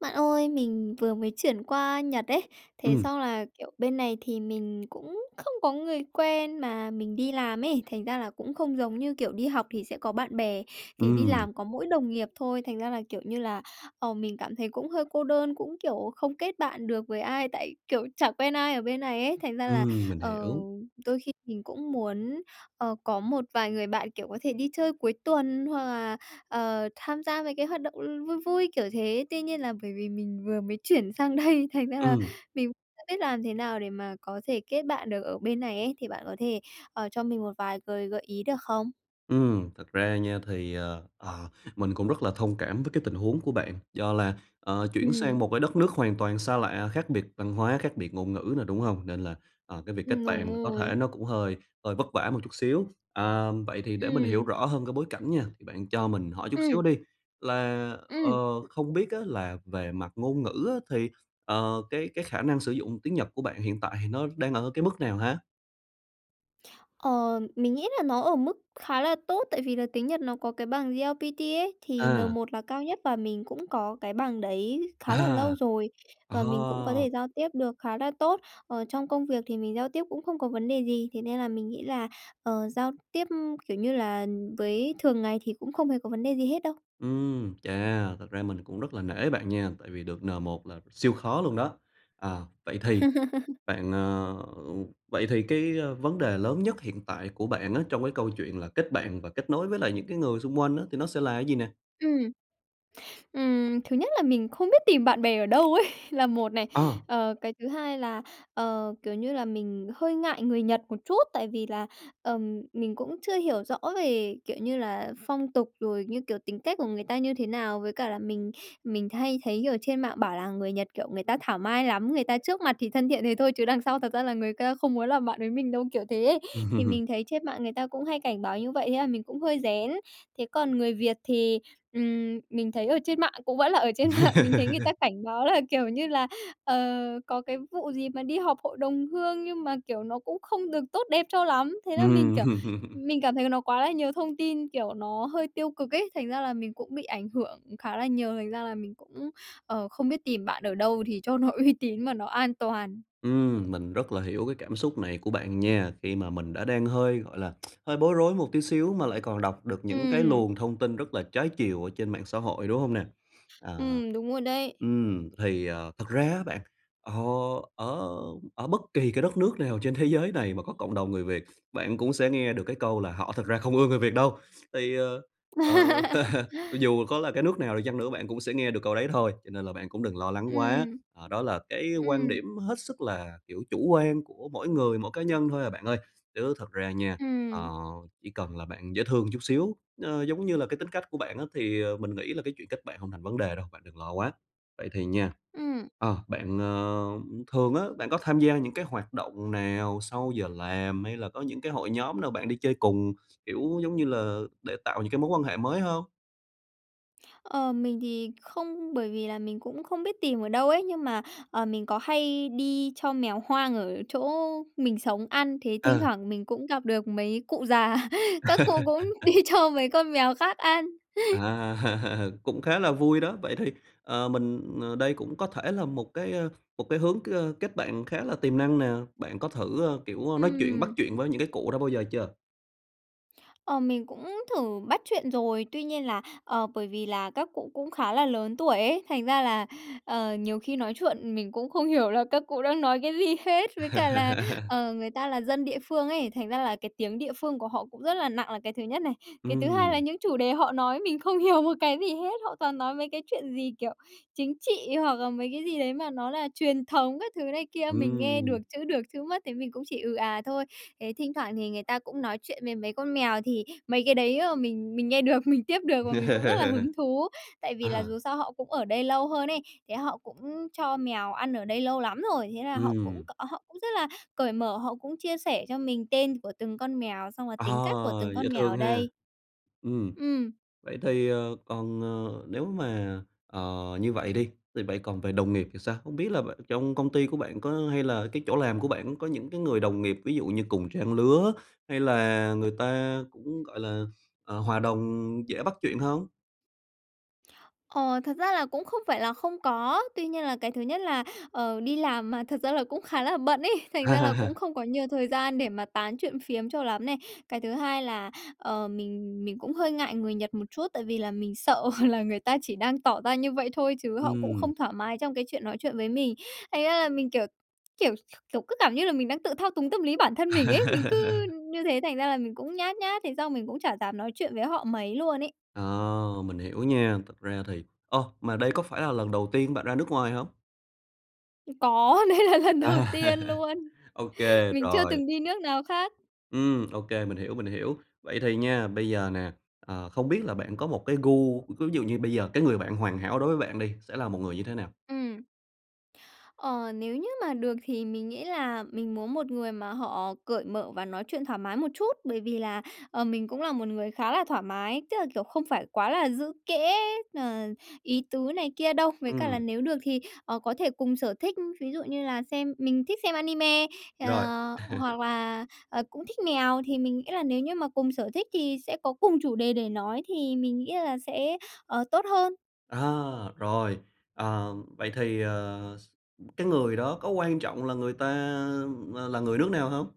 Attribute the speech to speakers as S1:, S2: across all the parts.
S1: Bạn ơi, mình vừa mới chuyển qua Nhật ấy. Thế
S2: Ừm.
S1: xong là, kiểu, bên này thì mình cũng không có người quen mà mình đi làm ấy, thành ra là cũng không giống như kiểu đi học thì sẽ có bạn bè, thì đi
S2: Ừm.
S1: làm có mỗi đồng nghiệp thôi. Thành ra là, kiểu như là, ờ, mình cảm thấy cũng hơi cô đơn, cũng, kiểu, không kết bạn được với ai. Tại, kiểu, chả quen ai ở bên này ấy. Thành ra là,
S2: Ừm, mình
S1: ờ,
S2: hiểu.
S1: đôi khi mình cũng muốn, ờ, có một vài người bạn, kiểu, có thể đi chơi cuối tuần hoặc là, ờ, tham gia mấy cái hoạt động, ừ, vui vui, kiểu thế. Tuy nhiên là bởi vì mình vừa mới chuyển sang đây, thành ra là
S2: Ừm.
S1: mình [unintelligible] biết làm thế nào để mà có thể kết bạn được ở bên này ấy. Thì bạn có thể, ờ, cho mình một vài gợi gợi ý được không?
S2: Ừm, thật ra nha thì, ờ, ờ, mình cũng rất là thông cảm với cái tình huống của bạn. Do là, ờ, chuyển sang
S1: Ừm.
S2: một cái đất nước hoàn toàn xa lạ, khác biệt văn hóa, khác biệt ngôn ngữ nữa, đúng hông? Nên là, à, cái việc kết
S1: Ừm, đúng
S2: bạn mà có
S1: rồi.
S2: thể nó cũng hơi hơi vất vả một chút xíu. À, vậy thì để mình hiểu
S1: Ừm.
S2: rõ hơn cái bối cảnh nha. Thì bạn cho mình hỏi chút
S1: Ừm.
S2: xíu đi, là, ờ,
S1: Ừm.
S2: không biết á, là về mặt ngôn ngữ á, thì, ờ, cái cái khả năng sử dụng tiếng Nhật của bạn hiện tại thì nó đang ở cái mức nào ha?
S1: Ờ, mình nghĩ là nó ở mức khá là tốt, tại vì là tiếng Nhật nó có cái bằng JLPT ấy thì N
S2: À.
S1: một là cao nhất, và mình cũng có cái bằng đấy khá là lâu
S2: À!
S1: rồi và mình cũng có
S2: Ồ!
S1: thể giao tiếp được khá là tốt. Ờ, trong công việc thì mình giao tiếp cũng không có vấn đề gì, thế nên là mình nghĩ là, ờ, giao tiếp, kiểu như là, với thường ngày thì cũng không hề có vấn đề gì hết đâu.
S2: Ừm, chà! Thật ra mình cũng rất là nể bạn nha, tại vì được N1 là siêu khó luôn đó. À, vậy thì bạn, ờ vậy thì cái vấn đề lớn nhất hiện tại của bạn á trong cái câu chuyện là kết bạn và kết nối với lại những cái người xung quanh á, thì nó sẽ là cái gì nè?
S1: Ừm. Ừm, thứ nhất là mình không biết tìm bạn bè ở đâu ấy, là một này.
S2: Ờ.
S1: Ờ, cái thứ hai là, ờ, kiểu như là, mình hơi ngại người Nhật một chút, tại vì là, ừm, mình cũng chưa hiểu rõ về, kiểu như là, phong tục rồi như kiểu tính cách của người ta như thế nào. Với cả là mình mình hay thấy, kiểu, trên mạng bảo là "Người Nhật, kiểu, người ta thảo mai lắm! Người ta trước mặt thì thân thiện thế thôi chứ đằng sau thật ra là người ta không muốn làm bạn với mình đâu", kiểu thế ấy. Thì mình thấy trên mạng người ta cũng hay cảnh báo như vậy thế là mình cũng hơi rén. Thế còn người Việt thì, ừm, mình thấy ở trên mạng cũng vẫn là ở trên mạng, mình thấy người ta cảnh báo là, kiểu như là, ờ, có cái vụ gì mà đi họp hội đồng hương nhưng mà, kiểu, nó cũng không được tốt đẹp cho lắm. Thế là mình, kiểu,
S2: Ừm.
S1: mình cảm thấy nó quá là nhiều thông tin, kiểu, nó hơi tiêu cực ấy, thành ra là mình cũng bị ảnh hưởng khá là nhiều, thành ra là mình cũng, ờ, không biết tìm bạn ở đâu thì cho nó uy tín mà nó an toàn.
S2: Ừm, mình rất là hiểu cái cảm xúc này của bạn nha, khi mà mình đã đang hơi, gọi là, hơi bối rối một tí xíu mà lại còn đọc được những cái
S1: Ừm.
S2: luồng thông tin rất là trái chiều ở trên mạng xã hội, đúng hông nè? À.
S1: Ừm, đúng rồi đấy.
S2: Ừm, thì, à, thật ra á bạn, ờ, ở ở bất kỳ cái đất nước nào trên thế giới này mà có cộng đồng người Việt, bạn cũng sẽ nghe được cái câu là "Họ thật ra không ưa người Việt đâu!" Thì, ờ, ờ, dù có là cái nước nào đi chăng nữa, bạn cũng sẽ nghe được câu đấy thôi, cho nên là bạn cũng đừng lo lắng quá,
S1: Ừm.
S2: ờ, đó là cái quan
S1: Ừm.
S2: điểm hết sức là, kiểu, chủ quan của mỗi người, mỗi cá nhân thôi à bạn ơi. Chứ thật ra nha, ờ,
S1: Ừm.
S2: chỉ cần là bạn dễ thương chút xíu, ờ, giống như là cái tính cách của bạn á, thì, ờ, mình nghĩ là cái chuyện kết bạn hông thành vấn đề đâu, bạn đừng lo quá. Vậy thì nha,
S1: Ừm.
S2: ờ, bạn, ờ thường á, bạn có tham gia những cái hoạt động nào sau giờ làm hay là có những cái hội nhóm nào bạn đi chơi cùng, kiểu, giống như là, để tạo những cái mối quan hệ mới hông?
S1: Ờ, mình thì không, bởi vì là mình cũng không biết tìm ở đâu ấy. Nhưng mà, ờ, mình có hay đi cho mèo hoang ở chỗ mình sống ăn, thế thỉnh
S2: Ừ.
S1: thoảng mình cũng gặp được mấy cụ già. Các cụ cũng đi cho mấy con mèo khác ăn.
S2: À, cũng khá là vui đó. Vậy thì, ờ, mình ờ, đây cũng có thể là một cái, ờ, một cái hướng k kết bạn khá là tiềm năng nè. Bạn có thử, ờ, kiểu, nói chuyện, bắt
S1: Ừm.
S2: chuyện với những cái cụ đó bao giờ chưa?
S1: Ờ, mình cũng thử bắt chuyện rồi. Tuy nhiên là, ờ, bởi vì là các cụ cũng khá là lớn tuổi ấy, thành ra là, ờ, nhiều khi nói chuyện mình cũng không hiểu là các cụ đang nói cái gì hết. Với cả là, ờ, người ta là dân địa phương ấy, thành ra là cái tiếng địa phương của họ cũng rất là nặng là cái thứ nhất này, cái thứ hai là
S2: Ừm.
S1: những chủ đề họ nói mình không hiểu một cái gì hết. Họ toàn nói mấy cái chuyện gì, kiểu, chính trị hoặc là mấy cái gì đấy mà nó là truyền thống các thứ này kia. Mình nghe được
S2: Ừm.
S1: chữ được, chữ mất thì mình cũng chỉ ừ à thôi. Ấy, thỉnh thoảng thì người ta cũng nói chuyện với mấy con mèo thì mấy cái đấy, ờ, mình mình nghe được, mình tiếp được và mình cũng rất là hứng thú. Tại vì là dù
S2: À.
S1: sao họ cũng ở đây lâu hơn ấy, thế họ cũng cho mèo ăn ở đây lâu lắm rồi. Thế là họ cũng
S2: Ừm.
S1: họ cũng rất là cởi mở, họ cũng chia sẻ cho mình tên của từng con mèo, xong là
S2: À,
S1: tính cách của từng
S2: dễ
S1: con mèo
S2: thương
S1: ở
S2: ha.
S1: đây.
S2: Ừm,
S1: Ừm.
S2: vậy thì, ờ, còn, ờ, nếu mà, ờ, như vậy đi, thì vậy còn về đồng nghiệp thì sao? Không biết là bạn trong công ty của bạn có hay là cái chỗ làm của bạn có những cái người đồng nghiệp ví dụ như cùng trang lứa hay là người ta cũng, gọi là, ờ, hòa đồng dễ bắt chuyện hông?
S1: Ờ, thật ra là cũng không phải là không có. Tuy nhiên là cái thứ nhất là, ờ, đi làm mà thật ra là cũng khá là bận ấy, thành ra là cũng không có nhiều thời gian để mà tán chuyện phiếm cho lắm này. Cái thứ hai là, ờ, mình mình cũng hơi ngại người Nhật một chút, tại vì là mình sợ là người ta chỉ đang tỏ ra như vậy thôi chứ họ cũng
S2: Ừm.
S1: không thoải mái trong cái chuyện nói chuyện với mình. Thành ra là mình, kiểu, kiểu, kiểu, cứ cảm như là mình đang tự thao túng tâm lý bản thân mình ấy. Mình cứ như thế thành ra là mình cũng nhát nhát, thế xong mình cũng chả dám nói chuyện với họ mấy luôn ấy.
S2: Ờ, mình hiểu nha, thực ra thì ơ, mà đây có phải là lần đầu tiên bạn ra nước ngoài hông?
S1: Có, đây là lần đầu
S2: À.
S1: tiên luôn.
S2: Ô kê,
S1: Mình chưa
S2: rồi.
S1: từng đi nước nào khác.
S2: Ừm, ô kê, mình hiểu, mình hiểu. Vậy thì nha, bây giờ nè, ờ, không biết là bạn có một cái gu ví dụ như bây giờ cái người bạn hoàn hảo đối với bạn đi, sẽ là một người như thế nào?
S1: Ừm. Ờ, nếu như mà được thì mình nghĩ là mình muốn một người mà họ cởi mở và nói chuyện thoải mái một chút, bởi vì là, ờ, mình cũng là một người khá là thoải mái, tức là, kiểu, không phải quá là giữ kẽ, ờ, ý tứ này kia đâu. Với cả là
S2: Ừm.
S1: nếu được thì, ờ, có thể cùng sở thích, ví dụ như là xem mình thích xem anime, ờ,
S2: Rồi.
S1: hoặc là, ờ, cũng thích mèo, thì mình nghĩ là nếu như mà cùng sở thích thì sẽ có cùng chủ đề để nói thì mình nghĩ là sẽ, ờ, tốt hơn.
S2: À, rồi. Ờ, vậy thì, ờ, s cái người đó có quan trọng là người ta là người nước nào hông?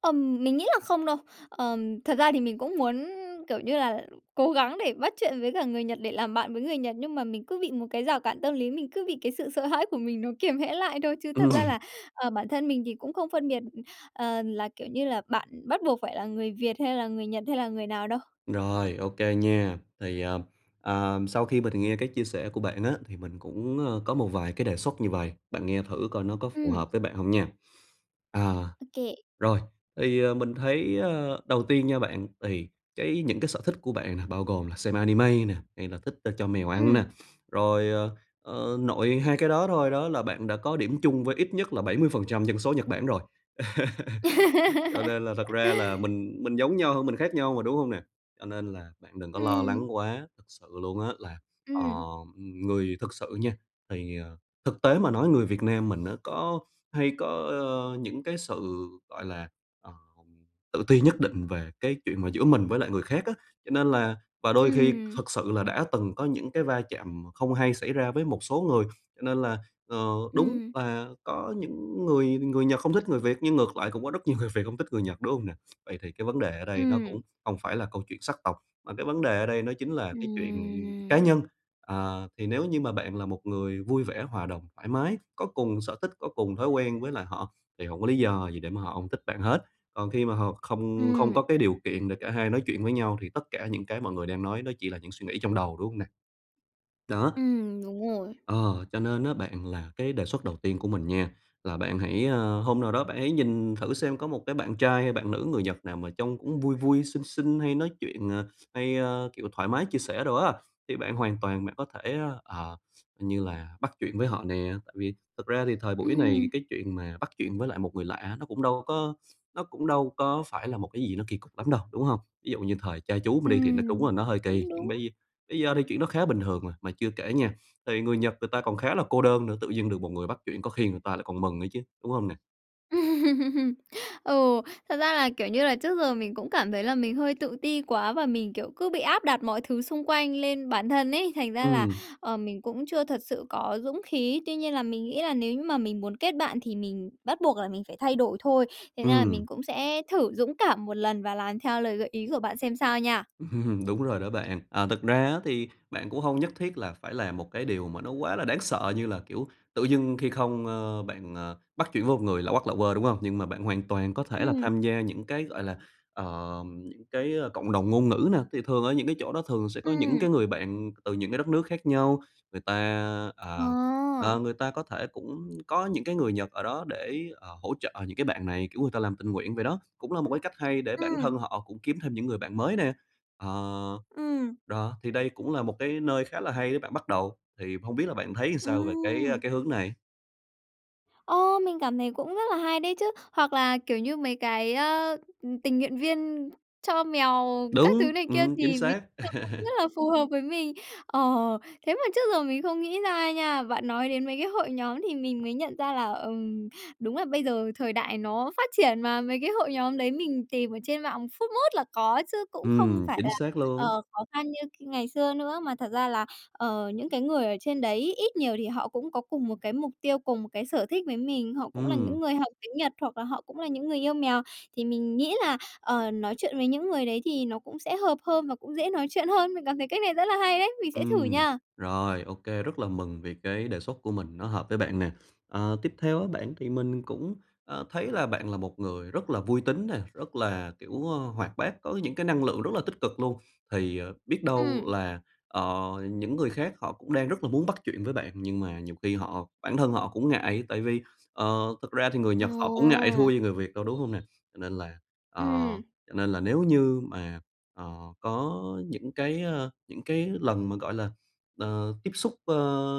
S1: Ừm, mình nghĩ là không đâu. Ờm, thật ra thì mình cũng muốn, kiểu như là, cố gắng để bắt chuyện với cả người Nhật để làm bạn với người Nhật, nhưng mà mình cứ bị một cái rào cản tâm lý, mình cứ bị cái sự sợ hãi của mình nó kiềm hãm lại thôi, chứ thật ra
S2: Ừm.
S1: là, ờ, bản thân mình thì cũng không phân biệt, ờ, là, kiểu như là, bạn bắt buộc phải là người Việt hay là người Nhật hay là người nào đâu.
S2: Rồi, ô kê nha! Thì, à, ờm, sau khi mình nghe cái chia sẻ của bạn á, thì mình cũng, ơ, có một vài cái đề xuất như vầy, bạn nghe thử coi nó có phù
S1: Ừm.
S2: hợp với bạn hông nha. À,
S1: Ô kê.
S2: rồi, thì mình thấy, ờ, đầu tiên nha bạn, thì cái những cái sở thích của bạn nè bao gồm là xem anime nè, hay là thích cho mèo ăn nè,
S1: Ừm.
S2: rồi, ờ, ơ, nội hai cái đó thôi đó là bạn đã có điểm chung với ít nhất là 70% dân số Nhật Bản rồi, cho nên là thật ra là mình mình giống nhau hơn mình khác nhau mà, đúng hông nè? Cho nên là bạn đừng có lo lắng
S1: Ừm.
S2: quá! Thực sự luôn á là, ờ,
S1: Ừm.
S2: người thực sự nha thì, ờ, thực tế mà nói người Việt Nam mình á có hay có, ơ, những cái sự, gọi là, ờ, tự ti nhất định về cái chuyện mà giữa mình với lại người khác á, cho nên là và đôi khi
S1: Ừm.
S2: thực sự là đã từng có những cái va chạm không hay xảy ra với một số người cho nên là, ờ, đúng
S1: Ừm.
S2: là có những người người Nhật không thích người Việt nhưng ngược lại cũng có rất nhiều người Việt hông thích người Nhật, đúng hông nè? Vậy thì cái vấn đề ở đây nó cũng
S1: Ừm.
S2: hông phải là câu chuyện sắc tộc, mà cái vấn đề ở đây nó chính là cái chuyện cá
S1: Ừm.
S2: nhân. À, thì nếu như mà bạn là một người vui vẻ, hòa đồng, thoải mái, có cùng sở thích, có cùng thói quen với lại họ thì hổng có lý do gì để mà họ hông thích bạn hết. Còn khi mà họ không không có
S1: Ừm.
S2: cái điều kiện để cả hai nói chuyện với nhau thì tất cả những cái mọi người đang nói nó chỉ là những suy nghĩ trong đầu, đúng hông nè? Đó!
S1: Ừm, đúng rồi.
S2: Ờ, cho nên á bạn, là cái đề xuất đầu tiên của mình nha là bạn hãy, ờ hôm nào đó bạn hãy nhìn thử xem có một cái bạn trai hay bạn nữ người Nhật nào mà trông cũng vui vui, xinh xinh hay nói chuyện, ờ, hay, ờ, kiểu thoải mái chia sẻ đồ á, thì bạn hoàn toàn bạn có thể, ờ, như là bắt chuyện với họ nè, tại vì thực ra thì thời buổi này
S1: Ừm.
S2: cái chuyện mà bắt chuyện với lại một người lạ nó cũng đâu có nó cũng đâu có phải là một cái gì nó kỳ cục lắm đâu, đúng hông? Ví dụ như thời cha chú mình đi thì nó đúng
S1: Ừm,
S2: là nó hơi kỳ,
S1: cũng
S2: nhưng
S1: đúng.
S2: bây bây giờ thì chuyện đó khá bình thường rồi. Mà chưa kể nha, thì người Nhật người ta còn khá là cô đơn nữa, tự dưng được một người bắt chuyện có khi người ta lại còn mừng nữa chứ, đúng hông nè?
S1: Ừ, thật ra là, kiểu như là, trước giờ mình cũng cảm thấy là mình hơi tự ti quá và mình, kiểu, cứ bị áp đặt mọi thứ xung quanh lên bản thân ấy, thành ra là,
S2: Ừm.
S1: ờ, mình cũng chưa thật sự có dũng khí. Tuy nhiên là mình nghĩ là nếu như mà mình muốn kết bạn thì mình bắt buộc là mình phải thay đổi thôi. Thành ra là
S2: Ừm.
S1: mình cũng sẽ thử dũng cảm một lần và làm theo lời gợi ý của bạn xem sao nha.
S2: Đúng rồi đó bạn. À, thực ra á thì bạn cũng hông nhất thiết là phải làm một cái điều mà nó quá là đáng sợ, như là, kiểu, tự dưng khi không, ơ, bạn, ờ, bắt chuyện với một người lạ hoắc lạ huơ, đúng hông? Nhưng mà bạn hoàn toàn có thể là
S1: Ừm.
S2: tham gia những cái, gọi là, ờ, những cái, ơ, cộng đồng ngôn ngữ nè, thì thường ở những cái chỗ đó thường sẽ có những
S1: Ừm.
S2: cái người bạn từ những cái đất nước khác nhau. Người ta, ờ,
S1: À.
S2: ờ, người ta có thể cũng có những cái người Nhật ở đó để, ờ, hỗ trợ những cái bạn này, kiểu người ta làm tình nguyện vậy đó. Cũng là một cái cách hay để bản
S1: Ừm.
S2: thân họ cũng kiếm thêm những người bạn mới nè. Ờ,
S1: Ừm.
S2: đó, thì đây cũng là một cái nơi khá là hay để bạn bắt đầu, thì hông biết là bạn thấy sao về cái, ơ,
S1: Ừm.
S2: cái hướng này?
S1: Ô! Mình cảm thấy cũng rất là hay đấy chứ. Hoặc là, kiểu như, mấy cái, ơ, ừ, tình nguyện viên cho mèo các thứ
S2: Đúng,
S1: này kia
S2: ừm, chính
S1: thì mình
S2: xác.
S1: [unintelligible] rất là phù hợp với mình. Ờ, thế mà trước giờ mình không nghĩ ra nha, bạn nói đến mấy cái hội nhóm thì mình mới nhận ra là, ừm, đúng là bây giờ thời đại nó phát triển mà, mấy cái hội nhóm đấy mình tìm ở trên mạng phút mốt là có chứ cũng không
S2: Ừm,
S1: phải
S2: chính
S1: là,
S2: xác
S1: ờ,
S2: luôn.
S1: khó khăn như k ngày xưa nữa. Mà thật ra là, ờ, những cái người ở trên đấy ít nhiều thì họ cũng có cùng một cái mục tiêu, cùng một cái sở thích với mình, họ cũng là
S2: Ừm.
S1: những người học tiếng Nhật hoặc là họ cũng là những người yêu mèo, thì mình nghĩ là, ờ, nói chuyện với những người đấy thì nó cũng sẽ hợp hơn và cũng dễ nói chuyện hơn. Mình cảm thấy cách này rất là hay đấy, mình sẽ thử
S2: Ừm,
S1: nha.
S2: rồi, ô kê, rất là mừng vì cái đề xuất của mình nó hợp với bạn nè. Ờ, tiếp theo á bạn thì mình cũng, ờ, thấy là bạn là một người rất là vui tính nè, rất là, kiểu, ơ, hoạt bát, có những cái năng lượng rất là tích cực luôn. Thì, ờ, biết đâu
S1: Ừm.
S2: là, ờ, những người khác họ cũng đang rất là muốn bắt chuyện với bạn nhưng mà nhiều khi họ bản thân họ cũng ngại, tại vì, ờ, thực ra thì người Nhật họ cũng ngại thua
S1: Ồ.
S2: gì người Việt đâu, đúng hông nè? Cho nên là ờ,
S1: Ừm.
S2: cho nên là nếu như mà, ờ, có những cái, ơ, những cái lần mà, gọi là, ờ, tiếp xúc, ơ,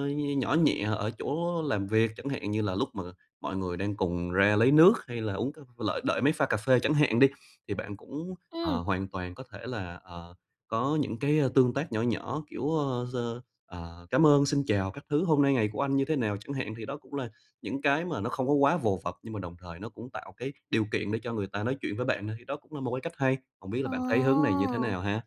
S2: nh nhỏ nhẹ ở chỗ làm việc, chẳng hạn như là lúc mà mọi người đang cùng ra lấy nước, hay là uống c lợi đợi máy pha cà phê chẳng hạn đi, thì bạn cũng, ờ,
S1: Ừm.
S2: hoàn toàn có thể là, ờ, có những cái tương tác nhỏ nhỏ, kiểu, ơ, giơ ờ, "Cám ơn", "Xin chào" các thứ, "Hôm nay ngày của anh như thế nào?" chẳng hạn. Thì đó cũng là những cái mà nó không có quá vồ vập, nhưng mà đồng thời nó cũng tạo cái điều kiện để cho người ta nói chuyện với bạn thôi, thì đó cũng là một cái cách hay. Hông biết là bạn thấy hướng này như thế nào
S1: Ồ.
S2: ha?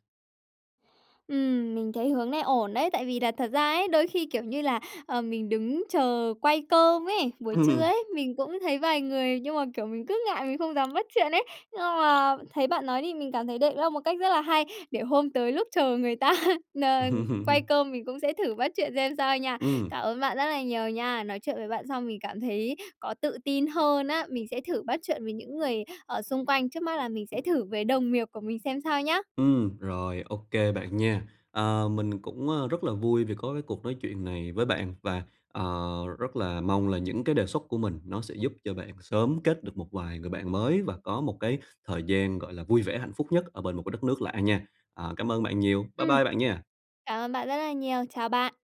S1: Ừm, mình thấy hướng này ổn đấy, tại vì là thật ra ấy, đôi khi, kiểu như là, ờ, mình đứng chờ quay cơm ấy, buổi trưa
S2: Ừm.
S1: ấy, mình cũng thấy vài người nhưng mà, kiểu, mình cứ ngại mình không dám bắt chuyện ấy. Nhưng mà thấy bạn nói thì mình cảm thấy đây là một cách rất là hay, để hôm tới lúc chờ người ta n quay
S2: Ừm.
S1: cơm mình cũng sẽ thử bắt chuyện xem sao nha.
S2: Ừm.
S1: Cảm ơn bạn rất là nhiều nha. Nói chuyện với bạn xong mình cảm thấy có tự tin hơn á, mình sẽ thử bắt chuyện với những người, ở, xung quanh, trước mắt là mình sẽ thử với đồng nghiệp của mình xem sao nhá.
S2: Ừm, rồi, ô kê bạn nha. Ờ, mình cũng, a, rất là vui vì có cái cuộc nói chuyện này với bạn và, ờ, rất là mong là những cái đề xuất của mình nó sẽ giúp cho bạn sớm kết được một vài người bạn mới và có một cái thời gian, gọi là, vui vẻ, hạnh phúc nhất ở bên một cái đất nước lạ nha. À, cảm ơn bạn nhiều. Bye
S1: Ừm.
S2: bye bạn nha.
S1: Cảm ơn bạn rất là nhiều. Chào bạn.